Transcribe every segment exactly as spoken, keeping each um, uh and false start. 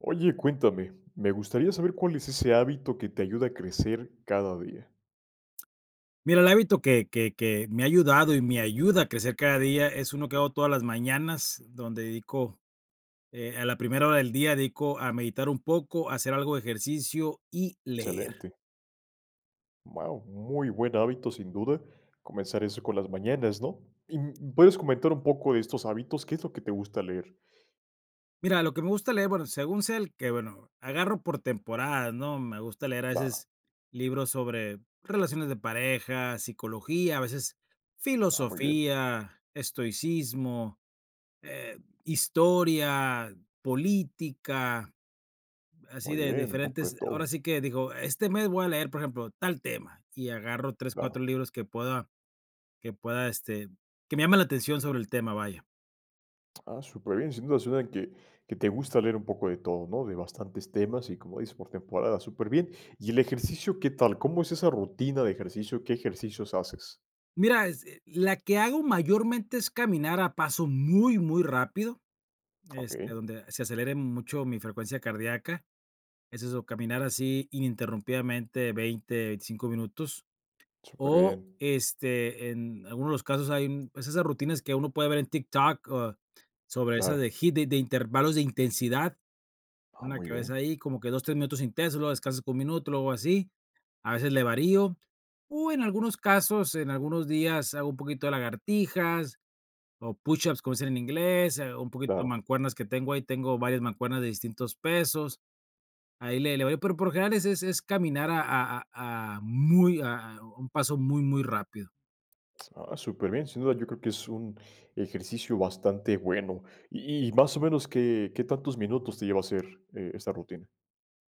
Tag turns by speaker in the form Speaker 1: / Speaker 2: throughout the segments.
Speaker 1: Oye, cuéntame, me gustaría saber cuál es ese hábito que te ayuda a crecer cada día.
Speaker 2: Mira, el hábito que que que me ha ayudado y me ayuda a crecer cada día, es uno que hago todas las mañanas, donde dedico, eh, a la primera hora del día, dedico a meditar un poco, a hacer algo de ejercicio y leer.
Speaker 1: Excelente. Wao, muy buen hábito, sin duda, comenzar así con las mañanas, ¿no? ¿Y, mm, puedes comentar un poco de estos hábitos?, ¿qué es lo que te gusta leer?
Speaker 2: Mira, lo que me gusta leer, bueno, según sea, el que Bueno, agarro por temporadas, ¿no?, me gusta leer a
Speaker 1: Claro.
Speaker 2: veces libros sobre relaciones de pareja, psicología, a veces
Speaker 1: Ah, muy bien.
Speaker 2: filosofía, estoicismo, eh, historia, política, así
Speaker 1: Muy
Speaker 2: de
Speaker 1: bien, un poco de
Speaker 2: diferentes ahora
Speaker 1: todo.
Speaker 2: sí que digo: "Este mes voy a leer, por ejemplo, tal tema", y agarro tres,
Speaker 1: Claro.
Speaker 2: cuatro libros que pueda que pueda, este que me llamen la atención sobre el tema, vaya.
Speaker 1: Ah, súper bien, sin duda suena que que te gusta leer un poco de todo, ¿no?, de bastantes temas y, como dices, por temporada, súper bien, y el ejercicio, ¿qué tal?, ¿cómo es esa rutina de ejercicio?, ¿qué ejercicios haces?
Speaker 2: Mira, es e la que hago mayormente es caminar a paso muy, muy rápido, este,
Speaker 1: Okey.
Speaker 2: donde se acelere mucho mi frecuencia cardíaca, es eso, caminar así ininterrumpidamente veinte, veinticinco minutos, o,
Speaker 1: Superbién.
Speaker 2: este, en algunos de los casos hay, pues, esas rutinas que uno puede ver en TikTok o sobre esa de de
Speaker 1: Claro.
Speaker 2: HIIT de intervalos de intensidad,
Speaker 1: Ah,
Speaker 2: una
Speaker 1: muy
Speaker 2: cada vez
Speaker 1: bien.
Speaker 2: ahí como que dos, tres minutos intenso, luego descansas un minuto o así, a veces le varío, o en algunos casos, en algunos días hago un poquito de lagartijas, o push-ups, como dicen en inglés, eh, un poquito de
Speaker 1: Claro.
Speaker 2: mancuernas que tengo ahí, tengo varias mancuernas de distintos pesos. Ahí le le voy, pero por lo general, es es caminar a a a a muy a a un paso muy, muy rápido.
Speaker 1: Ah, superbién, sin duda, yo creo que es un ejercicio bastante bueno. Y y más o menos, ¿qué qué tantos minutos te lleva a hacer, eh, esta rutina?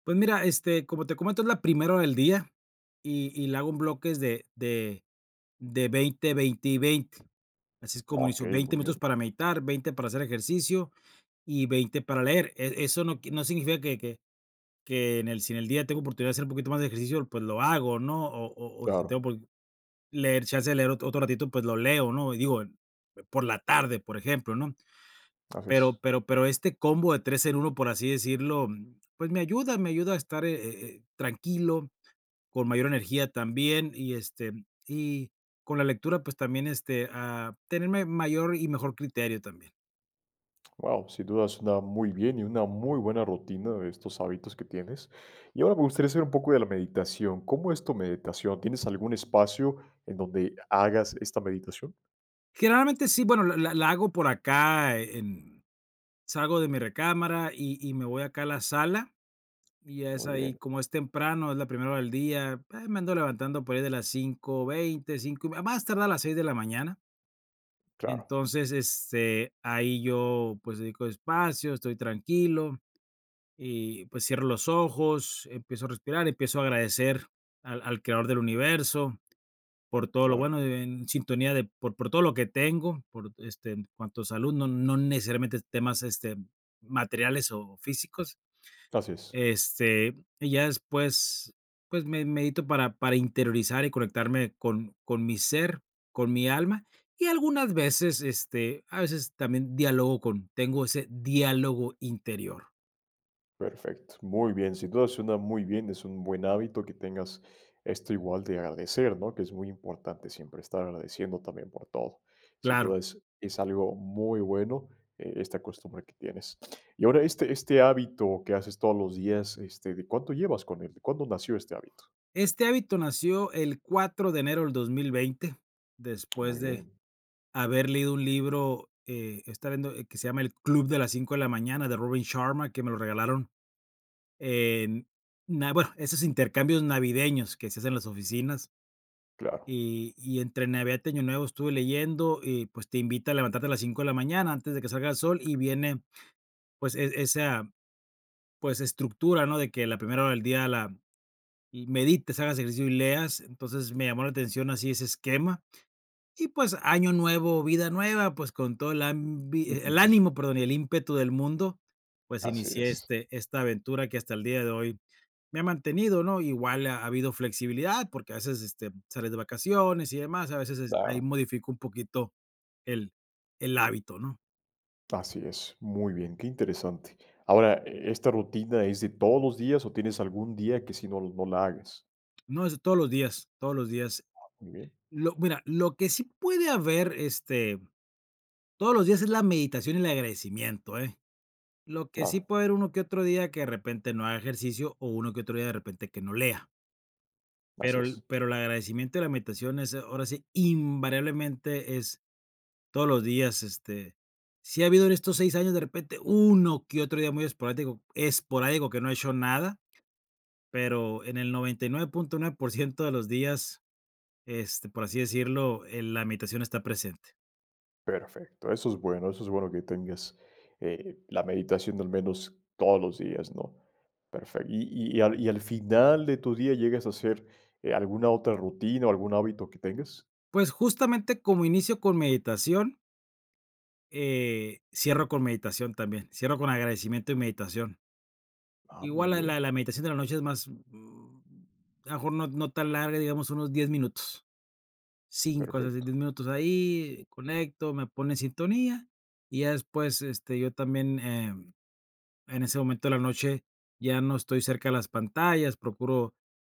Speaker 2: Pues mira, este, como te comento, es la primera hora del día, y y la hago bloques de de de veinte, veinte y veinte. Así es
Speaker 1: Ah,
Speaker 2: como hizo,
Speaker 1: okey,
Speaker 2: veinte
Speaker 1: muy
Speaker 2: minutos
Speaker 1: bien.
Speaker 2: para meditar, veinte para hacer ejercicio y veinte para leer. E eso no qui no significa que que que en el si en el día tengo oportunidad de hacer un poquito más de ejercicio, pues lo hago, ¿no?, o o o si tengo
Speaker 1: Claro.
Speaker 2: un poquito leer chance de leer otro otro ratito, pues lo leo, ¿no?, y digo, por la tarde, por ejemplo, ¿no?,
Speaker 1: Así
Speaker 2: pero
Speaker 1: es.
Speaker 2: pero pero este combo de tres en uno, por así decirlo, pues, me ayuda me ayuda a estar, eh, eh, eh, tranquilo, con mayor energía también, y este, y con la lectura, pues, también, este, a tener ma mayor y mejor criterio también.
Speaker 1: Guau, sin duda, suena muy bien, y una muy buena rutina de estos hábitos que tienes. Y ahora me gustaría saber un poco de la meditación, ¿cómo es tu meditación? ¿Tienes algún espacio en donde hagas esta meditación?
Speaker 2: Generalmente, sí, bueno, la la la hago por acá en salgo de mi recámara, y y me voy acá a la sala, y es
Speaker 1: Muy
Speaker 2: ahí
Speaker 1: bien.
Speaker 2: como es temprano, es la primera hora del día, ah, me ando levantando por ahí de las cinco veinte, cinco más más tardar a las seis de la mañana.
Speaker 1: Claro.
Speaker 2: Entonces, este, ahí, yo, pues, dedico espacio, estoy tranquilo, y, pues, cierro los ojos, empiezo a respirar, empiezo a agradecer al al creador del universo por todo lo
Speaker 1: Claro.
Speaker 2: bueno, e en sintonía de por por todo lo que tengo, por, este, en cuanto a salud, no no necesariamente temas, este, materiales o físicos,
Speaker 1: Gracias.
Speaker 2: este, y ya después, pues, me medito para para interiorizar, y conectarme con con mi ser, con mi alma. Y algunas veces, este, a veces también dialogo con tengo ese diálogo interior.
Speaker 1: Perfecto, muy bien. Sin duda suena muy bien, es un buen hábito que tengas esto igual de agradecer, ¿no? Que es muy importante siempre estar agradeciendo también por todo. Sin
Speaker 2: Claro.
Speaker 1: duda, es es algo muy bueno e esta costumbre que tienes. Y ahora este este hábito que haces todos los días, este, ¿de cuánto llevas con él?, ¿cuándo nació este hábito?
Speaker 2: Este hábito nació el cuatro de enero del dos mil veinte, después
Speaker 1: Muy
Speaker 2: de
Speaker 1: bien.
Speaker 2: haber leído un libro, eh, estaba viendo el que se llama El club de las 5 de la mañana, de Robin Sharma, que me lo regalaron. En, na bueno, esos intercambios navideños que se hace en las oficinas.
Speaker 1: Claro.
Speaker 2: Y y entre Navidad y Año Nuevo estuve leyendo, y, pues, te invita a levantarte a las cinco de la mañana antes de que salga el sol, y viene, pues, e esa, pues, estructura, ¿no? De que la primera hora del día la y medites, hagas ejercicio y leas. Entonces, me llamó la atención así ese esquema. Y pues, año nuevo, vida nueva, pues, con toda el ambi el ánimo perdón y el ímpetu del mundo, pues,
Speaker 1: Así
Speaker 2: inicié
Speaker 1: es.
Speaker 2: este esta aventura que hasta el día de hoy me ha mantenido, ¿no? Igual ha habido flexibilidad porque a veces, este, sales de vacaciones y demás, a veces es ahí
Speaker 1: Claro.
Speaker 2: modifico un poquito el el hábito, ¿no?
Speaker 1: Así es, muy bien, qué interesante, ahora, ¿esta rutina es de todos los días o tienes algún día que si no no la hagas?
Speaker 2: No, es de todos los días, todos los días,
Speaker 1: Muy bien.
Speaker 2: lo mira, lo que sí puede haber, este, todos los días es la meditación y el agradecimiento, ¿eh?, lo que sí
Speaker 1: Claro.
Speaker 2: puede haber uno que otro día que de repente no haga ejercicio o uno que otro día de repente que no lea.
Speaker 1: Así
Speaker 2: Pero el
Speaker 1: es.
Speaker 2: pero el agradecimiento y la meditación es, ahora sí, invariablemente es, todos los días, este, sí ha habido en estos seis años de repente uno que otro día muy esporático esporádico que no he hecho nada, pero en el noventa y nueve punto nueve por ciento de los días, este, por así decirlo, eh, la meditación está presente.
Speaker 1: Perfecto, eso es bueno, eso es bueno que tengas, eh, la meditación de al menos todos los días, ¿no?, perfecto, ¿y y al y al final de tu día llegas a hacer, eh, alguna otra rutina o algún hábito que tengas?
Speaker 2: Pues, justamente, como inicio con meditación eh, cierro con meditación también, cierro con agradecimiento y meditación.
Speaker 1: Ah, muy
Speaker 2: Igual la la
Speaker 1: bien.
Speaker 2: la meditación de la noche es más, mm, a lo mejor no no tan larga, digamos, unos diez minutos, cinco hasta diez
Speaker 1: Perfecto.
Speaker 2: minutos, ahí, conecto, me pone en sintonía, y ya después, este, yo también, em, en ese momento de la noche ya no estoy cerca de las pantallas, procuro,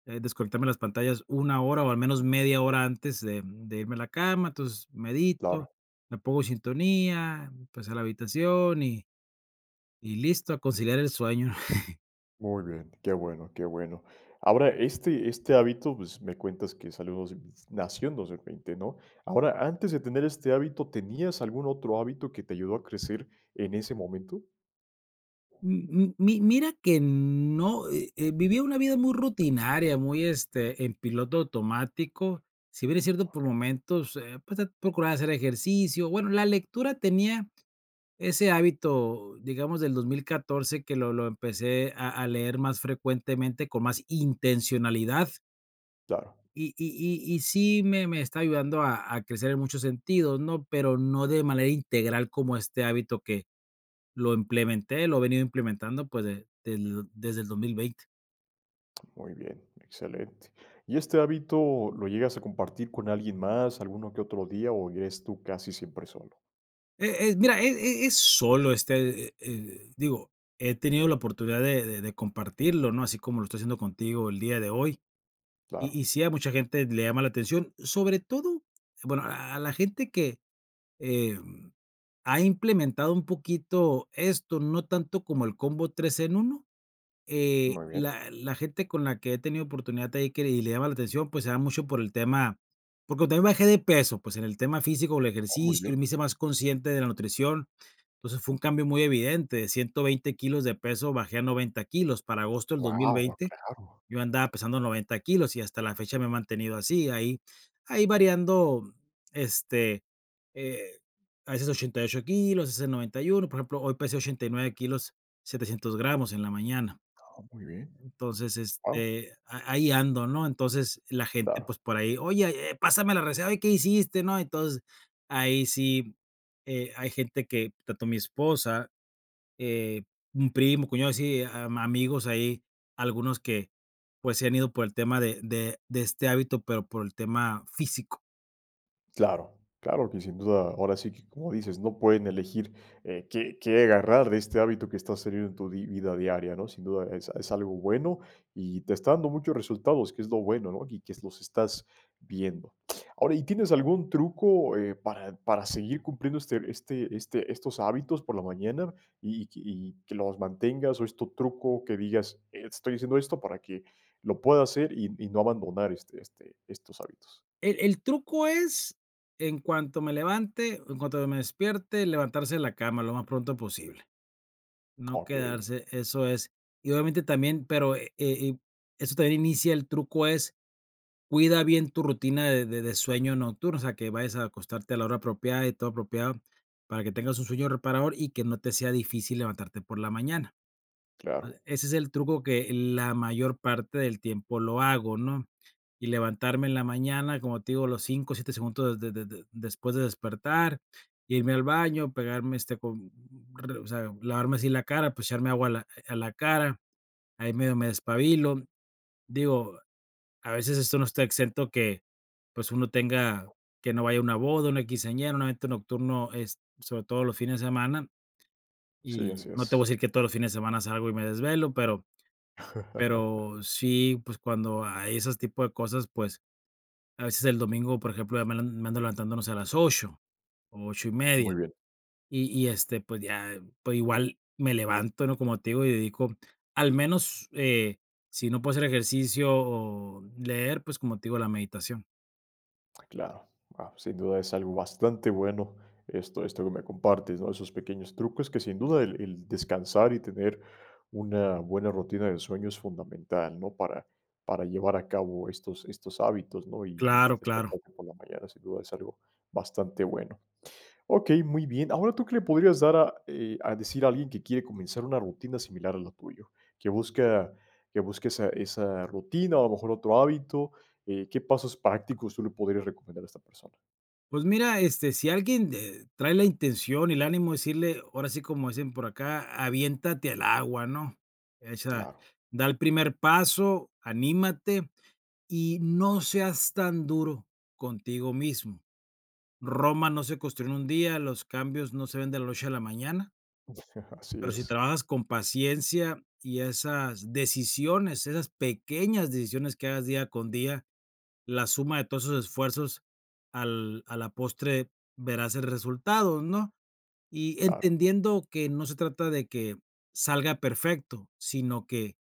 Speaker 2: eh, desconectarme de las pantallas una hora, o al menos media hora antes de, mm, de irme a la cama, entonces medito,
Speaker 1: Claro.
Speaker 2: me pongo en sintonía, pues a la habitación, y y listo a conciliar el sueño.
Speaker 1: Muy bien, qué bueno, qué bueno, ahora, este este hábito, pues, me cuentas que salió dos nació en dos mil veinte, ¿no?, ahora, antes de tener este hábito, ¿tenías algún otro hábito que te ayudó a crecer en ese momento?
Speaker 2: M m mi mira que no, eh eh, vivía una vida muy rutinaria, muy, este, en piloto automático, si bien es cierto, por
Speaker 1: Okey.
Speaker 2: momentos, eh, pues de procurar hacer ejercicio, bueno, la lectura, tenía ese hábito, digamos, del dos mil catorce que lo lo empecé a a leer más frecuentemente con más intencionalidad.
Speaker 1: Claro.
Speaker 2: Y y y y sí me me está ayudando a a crecer en muchos sentidos, ¿no?, pero no de manera integral como este hábito que lo implementé lo he venido implementando, pues, de del desde el dos mil veinte.
Speaker 1: Muy bien, excelente, y este hábito, ¿lo llegas a compartir con alguien más, alguno que otro día, o es tú casi siempre solo?
Speaker 2: Eh eh, mira, e e es solo este, eh eh, digo, he tenido la oportunidad de de de compartirlo, ¿no?, así como lo estoy haciendo contigo el día de hoy, y
Speaker 1: Claro.
Speaker 2: y sí a mucha gente le llama la atención, sobre todo, bueno, a a la gente que, eh, ha implementado un poquito esto, no tanto como el combo tres en uno, eh,
Speaker 1: Muy bien.
Speaker 2: la la gente con la que he tenido oportunidad de ahí, y le llama la atención, pues, se da mucho por el tema porque también bajé de peso, pues, en el tema físico, el
Speaker 1: Oh, muy
Speaker 2: ejercicio, y
Speaker 1: bien.
Speaker 2: me hice más consciente de la nutrición, entonces, fue un cambio muy evidente, de ciento veinte kilos de peso bajé a noventa kilos para agosto del dos mil
Speaker 1: Wao,
Speaker 2: veinte,
Speaker 1: claro.
Speaker 2: yo andaba pesando noventa kilos y hasta la fecha me he mantenido así, ahí ahí variando, este, eh, a veces ochenta y ocho kilos, a veces noventa y uno, por ejemplo, hoy pesé ochenta y nueve kilos Setecientos gramos en la mañana
Speaker 1: Ah, muy bien,
Speaker 2: entonces,
Speaker 1: wao.
Speaker 2: este, a ahí ando, ¿no?, entonces, la gente,
Speaker 1: Claro.
Speaker 2: pues, por ahí: "Oye, eh, pásame la receta, ¿oye qué hiciste?", ¿no?, entonces, ahí sí, eh, hay gente que tanto mi esposa, eh, un primo, cuñado así, am amigos ahí, algunos que, pues, se han ido por el tema de de de este hábito, pero por el tema físico.
Speaker 1: Claro, claro que sin duda, ahora sí que cómo dices, no pueden elegir, eh, qué qué agarrar de este hábito que estás teniendo en tu di vida diaria, ¿no? Sin duda es es algo bueno y te está dando muchos resultados, que es lo bueno, ¿no? Y que s los estás viendo. Ahora y, ¿tienes algún truco, eh, para para seguir cumpliendo este este este estos hábitos por la mañana? Y y que y que los mantengas o es tu truco, que digas: "Estoy haciendo esto para que lo pueda hacer y y no abandonar este este estos hábitos".
Speaker 2: El el truco es en cuanto me levante en cuanto me despierte, levantarse de la cama lo más pronto posible. No
Speaker 1: Okey.
Speaker 2: quedarse, eso es y obviamente también pero e eh, y esto también inicia el truco es, cuida bien tu rutina de de de sueño nocturno, o sea, que vayas a acostarte a la hora apropiada y todo apropiado para que tengas un sueño reparador y que no te sea difícil levantarte por la mañana.
Speaker 1: Claro.
Speaker 2: E ese es el truco que la mayor parte del tiempo lo hago, ¿no? Y levantarme en la mañana, como te digo, a los cinco, siete segundos de de de después de despertar, irme al baño, pegarme este con, b b rr o sea, lavarme así la cara, pues echarme agua a la, eh, a la cara, ahí medio me despabilo. Digo, a veces esto no está exento que, pues, uno tenga que no vaya a una boda, una quinceañera, un evento nocturno es sobre todo los fines de semana,
Speaker 1: Sí,
Speaker 2: y
Speaker 1: así
Speaker 2: no te voy
Speaker 1: es.
Speaker 2: a decir que todos los fines de semana salgo y me desvelo, pero pero sí, pues cuando hay esos tipo de cosas, pues, a veces el domingo, por ejemplo, ya me le me ando ando levantando no sé, a las ocho o ocho y media.
Speaker 1: Muy bien.
Speaker 2: Y y este pues ya, pues igual me levanto, ¿no? Como te digo, y dedico, al menos, eh, si no puedo hacer ejercicio o leer, pues, como te digo, la meditación.
Speaker 1: Claro, guau, sin duda es algo bastante bueno esto esto que me compartes, ¿no? Esos pequeños trucos que sin duda el el descansar y tener una buena rutina de sueño es fundamental, ¿no? Para para llevar a cabo estos estos hábitos, ¿no? Y
Speaker 2: Claro, claro.
Speaker 1: despertarte por la mañana, sin duda, es algo bastante bueno. Okey, muy bien. Ahora, ¿tú qué le podrías dar a eh, a decir a alguien que quiere comenzar una rutina similar a la tuya? Que busca que busque esa esa rutina, o a lo mejor otro hábito, eh, ¿qué pasos prácticos tú le podrías recomendar a esta persona?
Speaker 2: Pues mira, este, si alguien de trae la intención y el ánimo decirle, ahora sí, como dicen por acá: "Aviéntate al agua", ¿no? Echa
Speaker 1: Claro.
Speaker 2: da el primer paso, anímate, y no seas tan duro contigo mismo. Roma no se construyó en un día, los cambios no se ven de la noche a la mañana.
Speaker 1: Así
Speaker 2: Pero si
Speaker 1: es.
Speaker 2: trabajas con paciencia y esas decisiones, esas pequeñas decisiones que hagas día con día, la suma de todos esos esfuerzos al a la postre verás el resultado, ¿no? Y
Speaker 1: Claro.
Speaker 2: entendiendo que no se trata de que salga perfecto, sino que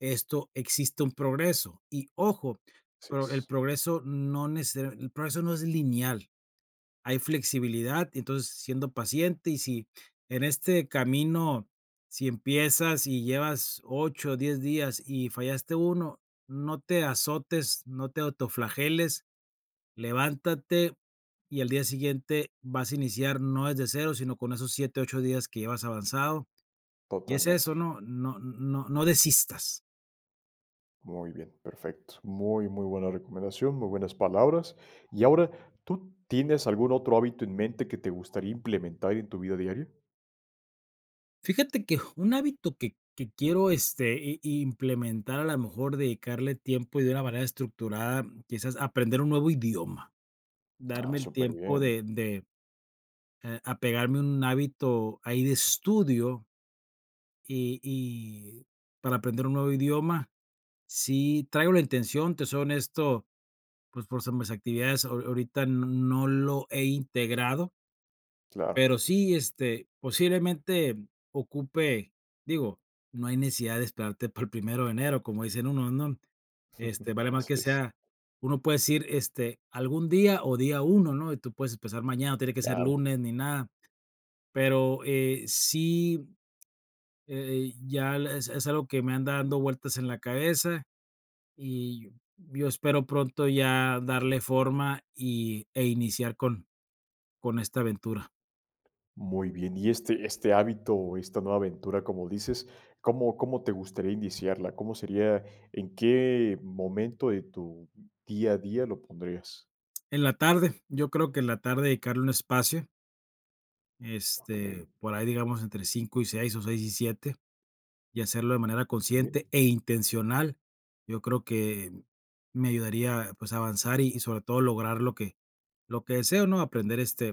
Speaker 2: esto existe un progreso, y ojo
Speaker 1: Así
Speaker 2: pero el
Speaker 1: es.
Speaker 2: progreso no necesaria el progreso no es lineal, hay flexibilidad y entonces siendo paciente y si en este camino si empiezas y llevas ocho, diez días y fallaste uno, no te azotes, no te autoflageles, levántate, y al día siguiente vas a iniciar, no desde cero sino con esos siete, ocho días que llevas avanzado, y es eso,
Speaker 1: Totalmente.
Speaker 2: ¿no? No no no desistas.
Speaker 1: Muy bien, perfecto. Muy, muy buena recomendación, muy buenas palabras. Y ahora, ¿tú tienes algún otro hábito en mente que te gustaría implementar en tu vida diaria?
Speaker 2: Fíjate que ju un hábito que que quiero, este, i implementar, a lo mejor dedicarle tiempo y de una manera estructurada, quizás aprender un nuevo idioma,
Speaker 1: Ah,
Speaker 2: darme el tiempo
Speaker 1: superbién.
Speaker 2: de de, eh, apegarme a un hábito ahí de estudio y y para aprender un nuevo idioma, sí traigo la intención, te soy honesto, pues, por s mis actividades, aho ahorita no lo he integrado
Speaker 1: Claro.
Speaker 2: pero sí, este, posiblemente ocupe digo, no hay necesidad de esperarte para el primero de enero, como dicen unos, ¿no?, este, vale mal
Speaker 1: Así
Speaker 2: que
Speaker 1: es.
Speaker 2: sea uno puede decir, este, algún día o día uno, ¿no?, y tú puedes empezar mañana, no tiene que ser
Speaker 1: Claro.
Speaker 2: lunes ni nada, pero, eh, sí, eh eh, ya es es algo que me anda dando vueltas en la cabeza y yo espero pronto ya darle forma y e iniciar con con esta aventura.
Speaker 1: Muy bien, y este este hábito o esta nueva aventura como dices, ¿cómo cómo te gustaría iniciarla?, ¿cómo sería?, ¿en qué momento de tu día a día lo pondrías?
Speaker 2: En la tarde, yo creo que en la tarde dedicarle un espacio.
Speaker 1: Okey.
Speaker 2: Este, por ahí digamos entre cinco y seis o seis y siete, y hacerlo de manera
Speaker 1: Muy
Speaker 2: consciente
Speaker 1: bien.
Speaker 2: e intencional, yo creo que me ayudaría pues, a avanzar y sobre todo lograr lo que lo que deseo, ¿no? Aprender este,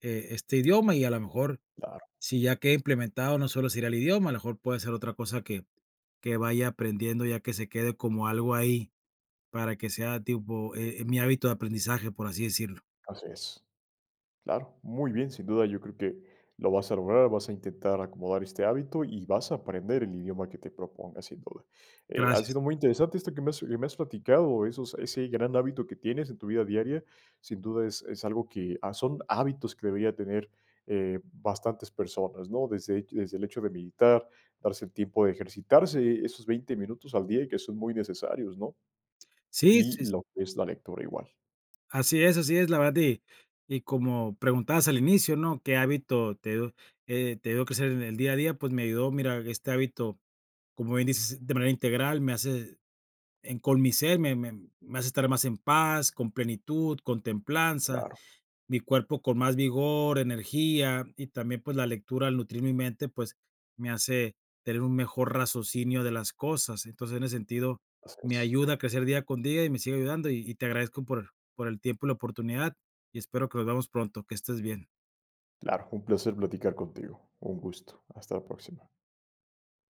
Speaker 2: eh, este idioma y a lo mejor,
Speaker 1: Claro.
Speaker 2: si ya queda implementado, no solo sería el idioma, a lo mejor puede ser otra cosa que que vaya aprendiendo ya que se quede como algo ahí para que sea tipo, eh, mi hábito de aprendizaje, por así decirlo.
Speaker 1: Así es. Claro, muy bien, sin duda yo creo que lo vas a lograr, vas a intentar acomodar este hábito y vas a aprender el idioma que te propongas, sin duda. Eh, ha
Speaker 2: Gracias.
Speaker 1: sido muy interesante esto que me has que me has platicado, esos ese gran hábito que tienes en tu vida diaria, sin duda es es algo que, ah, son hábitos que deberían tener eh, bastantes personas, ¿no?, desde desde el hecho de meditar, darse el tiempo, de ejercitarse esos veinte minutos al día y que son muy necesarios, ¿no?,
Speaker 2: Sí,
Speaker 1: y
Speaker 2: sí, s
Speaker 1: lo que es la lectura igual.
Speaker 2: Así es, así es, la verdad. Y y como preguntabas al inicio, ¿no?: "¿Qué hábito te, eh, te ayudó a crecer en el día a día?". Pues, me ayudó, mira, este hábito, como bien dices, de manera integral, me hace en con mi ser, me me me hace estar más en paz, con plenitud, con templanza,
Speaker 1: Claro.
Speaker 2: mi cuerpo con más vigor, energía y también, pues, la lectura al nutrir mi mente, pues, me hace tener un mejor razocinio de las cosas. Entonces, en ese sentido,
Speaker 1: Así
Speaker 2: me
Speaker 1: es.
Speaker 2: ayuda a crecer día con día y me sigue ayudando y y te agradezco por por el tiempo y la oportunidad, y espero que nos veamos pronto, que estés bien.
Speaker 1: Claro, un placer platicar contigo, un gusto. Hasta la próxima.